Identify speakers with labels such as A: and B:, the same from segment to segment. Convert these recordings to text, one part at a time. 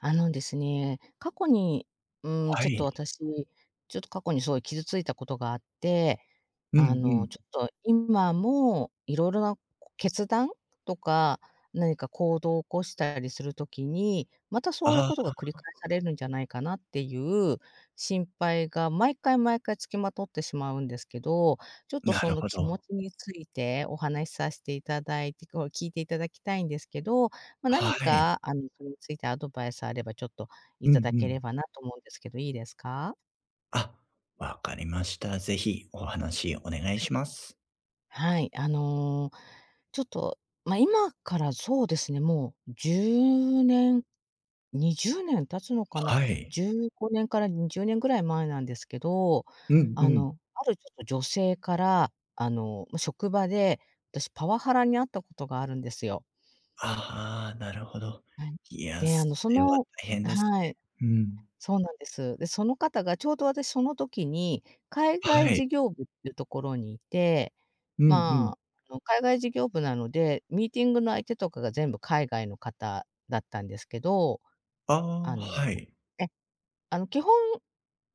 A: あのですね、過去に、うーん、
B: は
A: ちょっと
B: い。
A: 私、ちょっと過去にすごい傷ついたことがあって、
B: う
A: あ
B: んう
A: の、
B: ん。
A: ちょっと今もいろいろな決断とか、何か行動を起こしたりする時に、またそういう
B: あ
A: ことが繰り返
B: あ。
A: されるんじゃないかなっていう心配が毎回、毎回付きまとってしまうんですけど、ちょっと
B: な
A: そ
B: る
A: の
B: ほ
A: 気持
B: ど。
A: ちについてお話さして頂い、きこう聞いて頂きたいんですけど、ま、何
B: はい。
A: かあのそれについてアドバイスがあればちょっと
B: うんう
A: 頂け
B: ん。
A: ればなと思うんですけど、いいですか？
B: あ、分かりました。ぜひ、お話お願い
A: はい。
B: します。
A: はい、あの、ちょっと、ま、今からそうですね、もう10年、20年経つのかな。
B: はい。
A: 15年から20年ぐらい前なんですけど、
B: うんう
A: あ
B: ん。
A: の、あるちょっと女性から、あの、も、職場で、私パワハラに合ったことがあるんですよ。
B: ああ、なるほど。
A: はい。
B: いや、
A: で、あ
B: そ
A: の、そ
B: れは
A: の
B: 大変
A: あ、
B: ですね。
A: はい。
B: うん。
A: そうなんです。で、その方がちょうど私その時に、海外
B: はい。
A: 事業部っていうところにいて、
B: うんうん。
A: まあ、あの海外事業部なので、ミーティングの相手とかが全部海外の方だったんですけど、
B: あ
A: あ
B: あ、
A: の、
B: はい。
A: え、あの基本、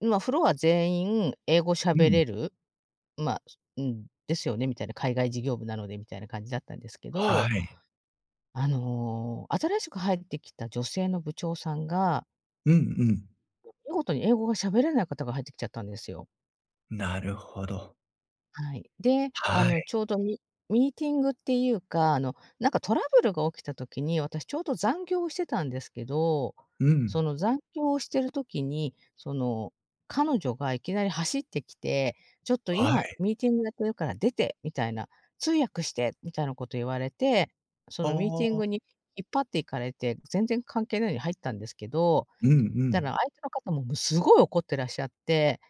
A: まあフロア全員英語
B: う
A: 喋
B: ん。
A: れる。まあ、うん、ですよね、みたいな、海外事業部なのでみたいな感じだったんですけど。
B: はい。
A: あの、新しく入ってきた女性の部長さんが
B: うんうん。
A: も、見事に英語が喋れない方が入ってきちゃったんですよ。
B: なるほど。
A: はい。で、あ
B: は
A: の、
B: い。
A: ちょうどミミーティングっていうか、あの、なんかトラブルが起きた時に、私ちょうど残業をしてたんですけど、
B: う
A: そ
B: ん。
A: の残業をしてる時に、その、彼女がいきなり走ってきて、ちょっと
B: は
A: 今
B: い。
A: ミーティングやってるから出てみたいな、通訳してみたいなこと言われて、そのミーテ
B: あ
A: ィン
B: あ。
A: グに引っ張って行かれて、全然関係ないのに入ったんですけど、
B: うんう
A: たら、
B: ん。
A: 相手の方もぶすごい怒っていらっしゃって。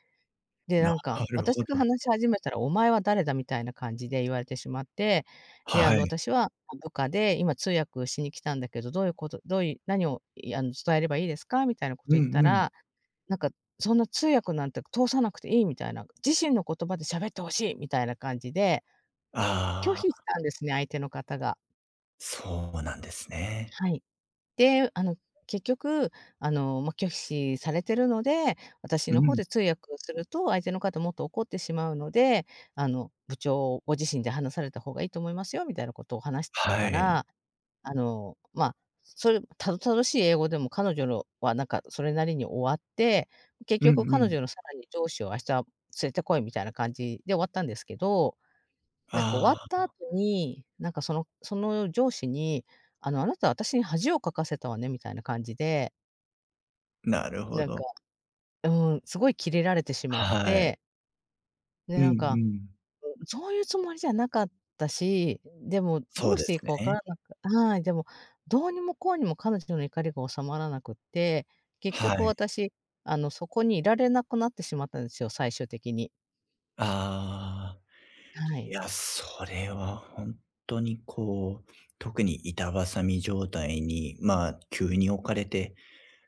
A: で、な
B: な
A: んか、
B: る
A: 私
B: ほ
A: が
B: ど。
A: 話し始めたら、お前は誰だ？みたいな感じで言われてしまって、で、あ
B: は
A: の、
B: い。
A: 私は部下で今通訳しに来たんだけど、どういうことどういう何を、いあの、伝えればいいですか？みたいなこ
B: う
A: と
B: ん
A: を言った
B: うん。
A: ら、なんか、そんな通訳なんて通さなくていいみたいな、自身の言葉で喋って欲しいみたいな感じで拒否
B: ああ。
A: したんですね、相手の方が。
B: そうなんですね。
A: はい。で、あの、結局、あの、ま、拒否されているので、私
B: う
A: の方
B: ん。
A: で通訳すると、相手の方もっと怒ってしまうので、あの、部長ご自身で話された方がいいと思いますよ、みたいなことを話し
B: は
A: た
B: い。
A: ら、あの、まあ、それたどたどしい英語でも彼女のは、なんかそれなりに終わって、結
B: う
A: 局
B: んう
A: 彼
B: ん。
A: 女のさらに上司を明日連れて来いみたいな感じで終わったんですけど、なんか終わ
B: あ
A: った後
B: あ。
A: に、なんかその、その上司に、あの、あなたは私に恥をかかせたわね、みたいな感じで
B: なるほ
A: なん
B: ど。
A: か、うん。すごいキレられてしまっ
B: はい。
A: て。で、
B: うんう
A: なんか、
B: ん。
A: うん、そういうつもりじゃなかったし、でも
B: そ
A: ど
B: う
A: う
B: で
A: していい
B: す
A: か分か
B: ね。
A: らなくはい、でも、どうにもこうにも彼女の怒りが収まらなくって、結局
B: はい。
A: 私あの、そこにいられなくなってしまったんですよ、最終的に。
B: ああ。
A: は
B: い
A: い。
B: や、それはほんとにこう、特に板挟み状態に、まあ、急に置かれて、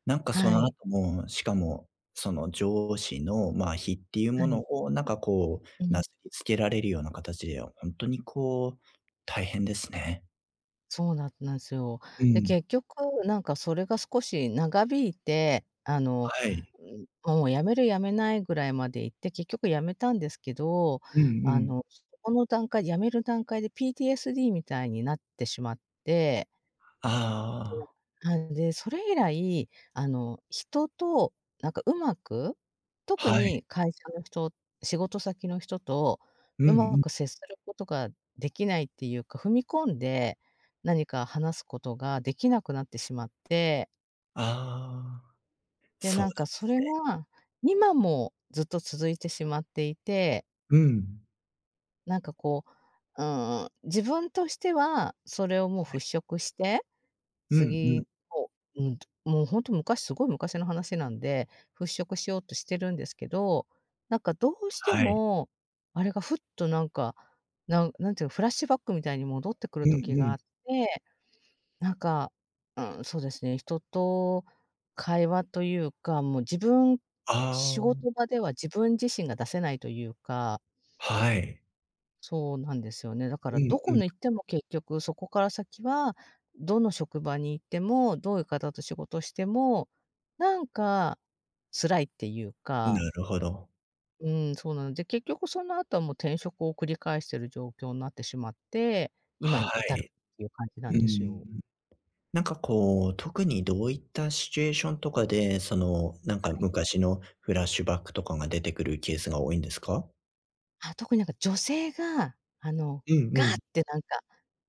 B: なんかそ
A: は
B: の
A: い。
B: 後も、しかも、その上司の、まあ、非っていう
A: は
B: もの
A: い。
B: を、なんかこ
A: う
B: う、な
A: ん。
B: すりつけられるような形でほんとにこう、大変ですね。
A: そうなんなんすよ。
B: う
A: で、
B: ん。
A: 結局なんかそれが少し長引いて、あの、
B: はい。
A: ん、もう、辞める辞めないぐらいまでいって、結局辞めたんですけど、
B: うんう
A: あ
B: ん。
A: の、そこの段階辞める段階で PTSD みたいになってしまって。
B: ああ。
A: はい、で、それ以来、あの、人となんか上手く、特
B: はい。
A: に会社の人、仕事先の人と
B: うんう
A: 上手
B: ん。
A: く接することができないっていうか、踏み込んで、何か話すことができなくなってしまって。
B: ああ。
A: で、
B: そう
A: な
B: な
A: んか
B: んで
A: そ
B: す
A: れ
B: ね。
A: は、今もずっと続いてしまっていて。
B: うん。
A: なんかこう、うーん、自分としては、それをも
B: は
A: う
B: い。
A: 払拭して、
B: うんうん。
A: 次を、うん、もうほんと、昔、すごい昔の話なんで、払拭しようとしてるんですけど、なんかどうして
B: はい。
A: も、あれがふっとなんか、なん何て言うの、フラッシュバックみたいに戻ってく
B: う
A: る
B: ん
A: 時
B: う
A: が
B: ん。
A: あって。なんか、うーん、そうですね。人と会話というか、もう自分、
B: あ
A: 仕
B: あ。
A: 事場では自分自身が出せないというか。
B: はい。
A: そうなんですよね、だから
B: うん
A: ど
B: う
A: こ
B: ん。
A: に行っても結局そこから先は、どの職場に行っても、どういう方と仕事しても、なんか、辛いっていうか。
B: なるほど。
A: うん、そうなの。で、結局その後も転職を繰り返している状況んなってしまって、今
B: は
A: に至る
B: い。
A: っていう感じなん
B: う
A: ですよ。
B: ん。う。なんかこう、特にどういったシチュエーションとかで、その、なんか
A: はい。
B: 昔のフラッシュバックとかが出てくるケースが多いんですか？
A: あ、特に何か女性が、あの、
B: うん
A: ガ
B: う
A: ーっ
B: ん。
A: てなんか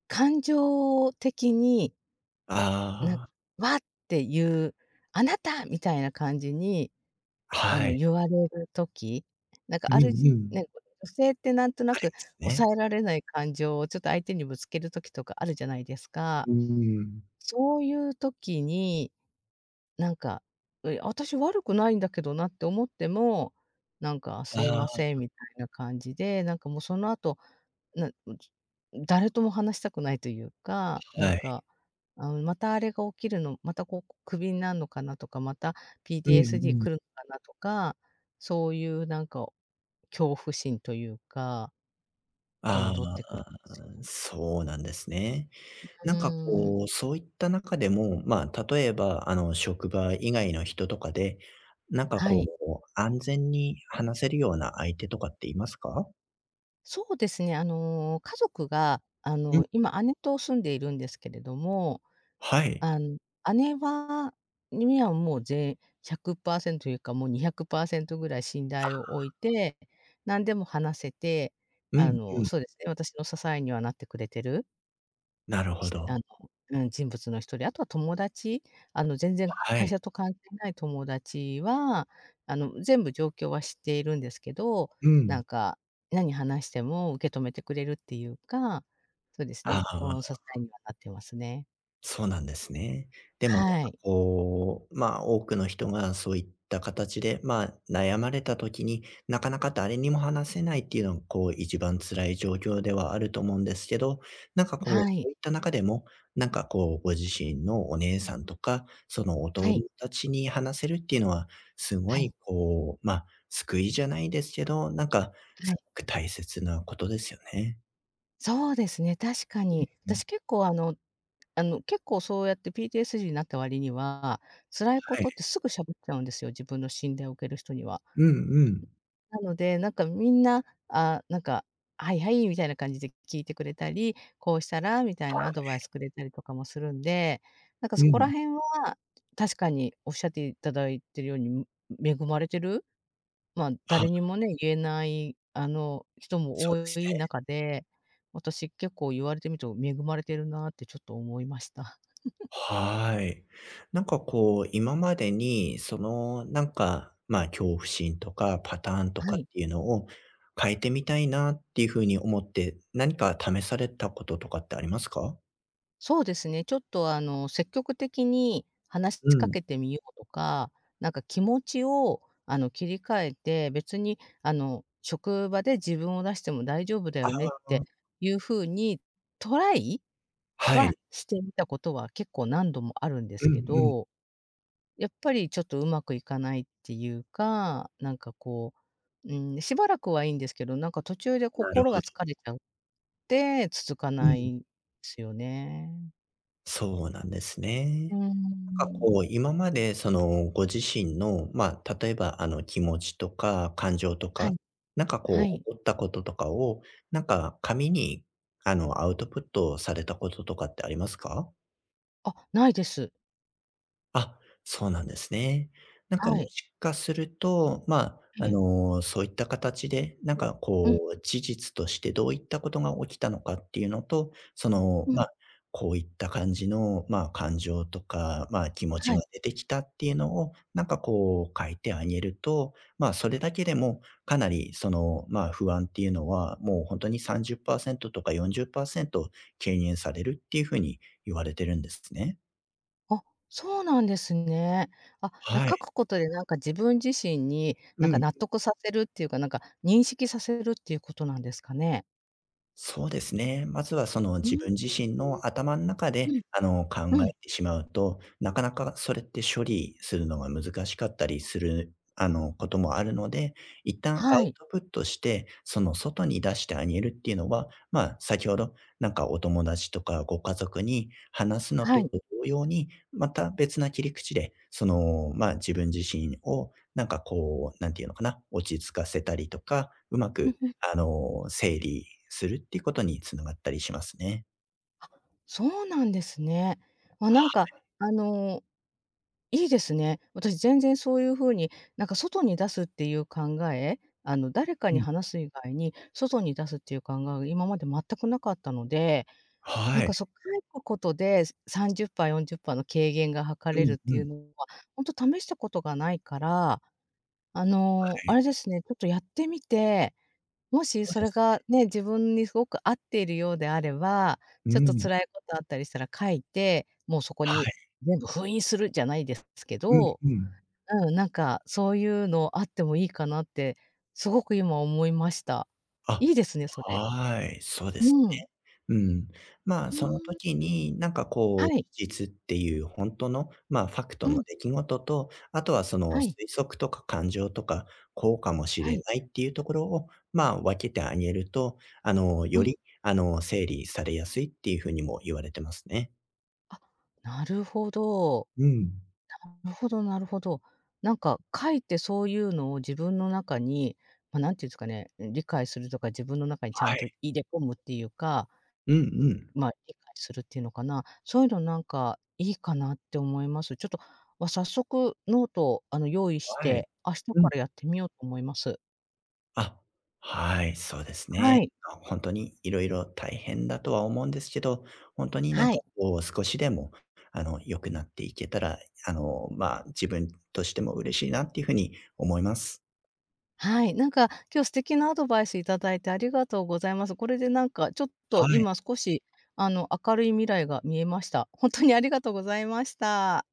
A: 感情的に
B: あ
A: な、
B: あ。
A: わっていう、「あなた」みたいな感じに、あ
B: は
A: の
B: い。
A: 言われる時、何か
B: う
A: ある
B: ん
A: じ
B: う
A: な
B: ん。
A: んこの女性って何とな
B: あり
A: く
B: ますね。
A: 抑えられない感情をちょっと相手にぶつける時とかあるじゃないですか。
B: うーん。
A: そういう時に、なんか、え、私悪くないんだけどなって思っても、なんかすい
B: あ
A: ません
B: あ。
A: みたいな感じで、なんかもうその後、なも、ちょ、誰とも話したくないというか、な
B: は
A: ん
B: い。
A: か、あの、またあれが起きるの、またこう、こ、首になんのかなとか、また
B: うんう
A: PTSD
B: ん。
A: 来るのかなとか、そういうなんか恐怖心というかが
B: あ
A: 戻ってく
B: あ、
A: るんですよ。
B: そうなんですね。
A: う
B: なんか
A: ーん。
B: こう、そういった中でも、まあ、例えば、あの、職場以外の人とかで、なんか
A: は
B: こ
A: い。
B: う安全に話せるような相手とかっていますか？
A: そうですね、あの、家族が、あ
B: うん。
A: の、今姉と住んでいるんですけれども、
B: はい。
A: あん、姉はにはもうぜ100%いうか、もう200%くらい信
B: あ
A: 頼を置い
B: あ。
A: て、何でも話せて、
B: う
A: あ
B: んう
A: の、
B: ん。
A: そうですね、私の支えにはなってくれてる。
B: なるほ
A: ひあの、
B: ど。
A: うん、人物の1人。あとは友達、あの全然
B: は
A: 会
B: い。
A: 社と関係ない友達は、あの、全部状況は知っているんですけど、
B: う
A: な
B: ん。
A: んか、何話しても受け止めてくれるっていうか、そうですね、
B: ああ。
A: 心の支えにはなってますね。
B: そうなんですね。でもなんか
A: はい。
B: こう、まあ、多くの人がそういった形で、まあ、悩まれた時に、なかなか誰にも話せないっていうのが、こう、一番辛い状況ではあると思うんですけど、なんかこう、
A: はい。
B: そういった中でも、なんかこう、ご自身のお姉さんとか、そのお
A: は
B: 友
A: い。
B: 達に話せるっていうのは、すご
A: はい。
B: いこう、まあ、救いじゃないですけど、なんか、
A: はい。
B: すごく大切なことですよね。
A: そうですね、確か
B: う、
A: に。
B: うん。
A: 私結構、あのあの、結構そうやって PTSD になった割には、辛いこ
B: はい。
A: とってすぐ喋っちゃうんですよ、自分の信頼を置ける人には。
B: うんうん。
A: なので、何かみんな、ああ、何か「はいはい」みたいな感じで聞いてくれたり「こうしたら？」みたい
B: は
A: なアドバイ
B: い。
A: スくれたりとかもするんで、何かそ
B: う
A: こら
B: ん。
A: 辺は、確かに仰って頂いているように恵まれてる。まあ、
B: は。
A: 誰にもね、言えない、あの、人も
B: そう
A: 多
B: です
A: い
B: ね。
A: 中で、私、結構言われてみると恵まれてるなってちょっと思いました。
B: はい。なんかこう、今までに、その、なんか、まあ、恐怖心とか、パターンと
A: は
B: かっ
A: い。
B: ていうのを変えてみたいなっていう風に思って、何か試されたこととかってありますか？
A: そうですね。ちょっと、あの、積極的に話し、
B: う
A: ちか
B: ん。
A: けてみようとか、なんか気持ちを、あの、切り替えて、別に、あの、職場で自分を出しても大丈夫だ
B: あ
A: よねっ
B: あ。
A: て
B: あ。
A: いう風に、トライ
B: は
A: は、
B: い。
A: してみたことは結構何度もあるんです
B: う
A: け
B: んうん。
A: ど。やっぱりちょっと上手くいかないっていうか、なんかこう、うーん、しばらくはいいんですけど、なんか途中で
B: なる
A: 心
B: ほ
A: が
B: ど。
A: 疲れちゃって、続か
B: う
A: な
B: ん。
A: いんですよね。
B: そうなんです
A: うー
B: ね。な
A: ん。う
B: んか、
A: ん。
B: こう、今まで、その、ご自身の、まあ、例えば、あの、気持ちとか、感情と
A: は
B: か、
A: い。
B: なんか、
A: は
B: こ
A: い。
B: う、起こったこととかを、なんか、紙に、あの、アウトプットされたこととかってありますか？
A: あ、ないです。
B: あ、そうなんですね。何か、も
A: はい。
B: しかすると、まあ、
A: え
B: あ
A: え。
B: の、そういった形で、何か、
A: うん。
B: こう、事実として、どういった事が起きたのかっていうのと、その、
A: う
B: ま
A: ん。
B: あ、こういった感じの、まあ、感情とか、まあ、気持ち
A: はい。
B: が出てきたっていうのを、何か、こう、書いてあげると、まあ、それだけでも、かなり、その、まあ、不安っていうのは、もう、ほんとに、30%とか40%軽減されるっていう風に言われてるんですね。
A: あ、そうなんですね。あ、な
B: は
A: 書く
B: い。
A: ことで、何か、自分自身に、
B: う
A: 何か
B: ん。
A: 納得させるっていうか、何か、認識させるっていう事なんですかね？
B: そうですね。まずは、その、
A: うー
B: 自
A: ん。
B: 分自身の頭ん中
A: う、う
B: で、
A: ん。
B: あの、考
A: う
B: え
A: ん。
B: てしまうと、なかなか、それって、処理するのが難しかったりする、あの、事もあるので、一旦ア
A: は
B: ウ
A: い。
B: トプットして、その、外に出してあげるっていうのは、まあ、先ほど、何か、お友達とか、ご家族に話すの
A: はい。
B: と同様に、また別な切り口で、その、まあ、自分自身を、何か、こう、なんていうのかな、落ち着かせたりとか、うま
A: うん
B: く、
A: うん。
B: あの、整理するっていう事に繋がったりしますね。
A: そうなんですね。あ、
B: は
A: なんか、
B: い。
A: あの、いいですね。私全然そういう風に、なんか外に出すっていう考え、あの誰か
B: う
A: に
B: うん。
A: 話す以外に、外に出すっていう考えは今まで全く無かったので、なん
B: はい。
A: かそう、書くことで、30パー、40パーの軽減が図
B: う
A: れる
B: ん
A: って
B: う
A: いう
B: ん。
A: のは、ほんと試したことがないから、あ
B: は
A: の、あ
B: い。
A: れですね、ちょっとやってみて、もし
B: そう
A: そ
B: で
A: れ
B: すね。
A: がね、自分にすごく合っているようであれば、
B: う
A: ちょっと
B: ん。
A: 辛いことあったりしたら書いて、もうそこ
B: は
A: に
B: い。
A: 全部封印する、じゃないですすけ
B: うん
A: ど、
B: うん。
A: うん、なんかそういうのあってもいいかなって、すごく今思いました。
B: あ、
A: いいですね、それ。
B: はい。そうです
A: うん。
B: ね。うん。まあ、
A: ふー
B: その
A: ん。ふ。
B: 時に、なんかこう、事
A: はい。
B: 実っていうほんとの、まあ、ファクト
A: う
B: の
A: ん。
B: 出来事と、あとはその、
A: は
B: 推
A: い。
B: 測とか感情とか、こうかもし
A: は
B: れ
A: い。
B: ないっていうところを、まあ、分けてあげると、あの、
A: う
B: よ
A: ん。
B: り、あの、整理されやすいっていう風にも言われてますね。
A: あ、なるほど。
B: うん。
A: なるほどなるほど。なんか、かえってそういうのを自分の中にま、何て言うんですかね、理解するとか自分の中にちゃん
B: は
A: と
B: い。
A: 入れ込むっていうか、
B: うんうん。
A: まあ、理解するっていうのかな、そういうのなんかいいかなって思います。ちょっと、わ、早速ノートをあの用意し
B: はい。
A: て、明日か
B: うん。
A: らやってみようと思います。
B: あ、はい、そうです
A: は
B: ね。
A: い。
B: あ、ほんとにいろいろ大変だとは思うんですけど、ほんとに何
A: は
B: か
A: い。
B: こう少しでも、あの、良くなっていけたら、あの、まあ、自分としても嬉しいなっていう風に思います。
A: はい。なんか今日素敵なアドバイス頂いてありがとうございます。これでなんかちょっと
B: はい。
A: 今少し、あの明るい未来が見えました。ほんとにありがとうございました。